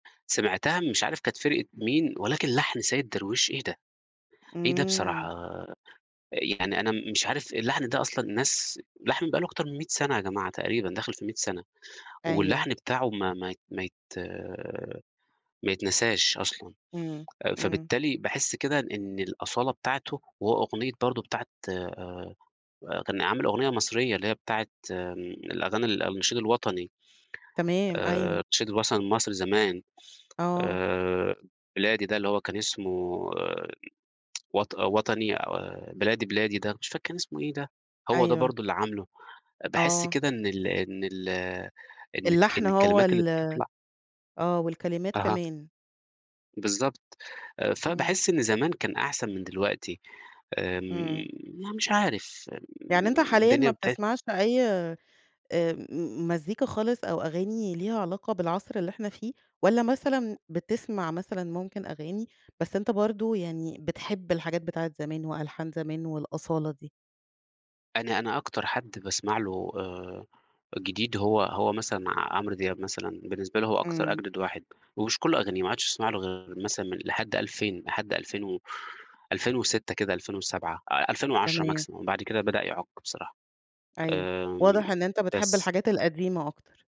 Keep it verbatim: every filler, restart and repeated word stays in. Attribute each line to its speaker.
Speaker 1: سمعتها مش عارف كانت فرقة مين، ولكن لحن سيد درويش إيه ده؟! إيه ده بصراحة؟!
Speaker 2: إمم.
Speaker 1: يعني أنا م مش عارف اللحن ده أصلًا الناس اللحن بقى له أكتر من مِيّة سنة يا جماعة تقريبًا، داخل في مِيّة سنة،
Speaker 2: أيوه.
Speaker 1: واللحن بتاعه ما ما ما يت ما يتنساش أصلًا،
Speaker 2: إمم،
Speaker 1: آآ،
Speaker 2: إمم.
Speaker 1: فبالتالي باحس كده إن الأصالة بتاعته هو أغنية برضه بتاعة آآ، آآ كان عامل أغنية مصريّة اللي هي بتاعة الأغاني ال النشيد الوطني.
Speaker 2: تمام،
Speaker 1: آآ،
Speaker 2: أيوه.
Speaker 1: النشيد الوصني لمصر زمان،
Speaker 2: آه.
Speaker 1: آآ بلادي ده، اللي هو كان اسمه وط آآ، وطني آآ، بلادي، بلادي ده مش فاكر كان إسمه إيه ده؟ هو ده
Speaker 2: أيوه.
Speaker 1: برضه اللي عامله، أ باحس
Speaker 2: آه.
Speaker 1: كده إن ال إن ال إن الك
Speaker 2: اللحن
Speaker 1: إن
Speaker 2: هو
Speaker 1: الكلمات اللي
Speaker 2: ال
Speaker 1: بتطلع
Speaker 2: آه، والكلمات
Speaker 1: أها.
Speaker 2: كمان.
Speaker 1: بالضبط، آآ
Speaker 2: إمم.
Speaker 1: فباحس إن زمان كان أحسن من دلوقتي،
Speaker 2: إمم.
Speaker 1: امم أنا مش عارف،
Speaker 2: يعني أنت
Speaker 1: امم
Speaker 2: حاليًا
Speaker 1: الدنيا
Speaker 2: ما
Speaker 1: ابتد
Speaker 2: بتسمعش أي آآ مزيكا خالص أو أغاني ليها علاقة بالعصر اللي إحنا فيه، والّا مثلًا بتسمع مثلًا ممكن أغاني، بس أنت برضه يعني بتحب الحاجات بتاعة زمان وألحان زمان والأصالة دي؟
Speaker 1: أنا أنا أكتر حد باسمع له آآ جديد هو هو مثلًا ع عمرو دياب مثلًا، بالنسبة لي هو أكتر
Speaker 2: إمم.
Speaker 1: أجدد واحد ومش كل أغانيه ما اقعدش أسمع له غير مثلًا م لحد ألفين، لحد ألفين و ألفين وستة كده، ألفين وسبعة، آآ، ألفين وعشرة
Speaker 2: تمام.
Speaker 1: maximum، بعد كده بدأ يعُك بصراحة.
Speaker 2: أيوه،
Speaker 1: آآ،
Speaker 2: واضح إن أنت بتحب
Speaker 1: بس.
Speaker 2: الحاجات القديمة أكتر.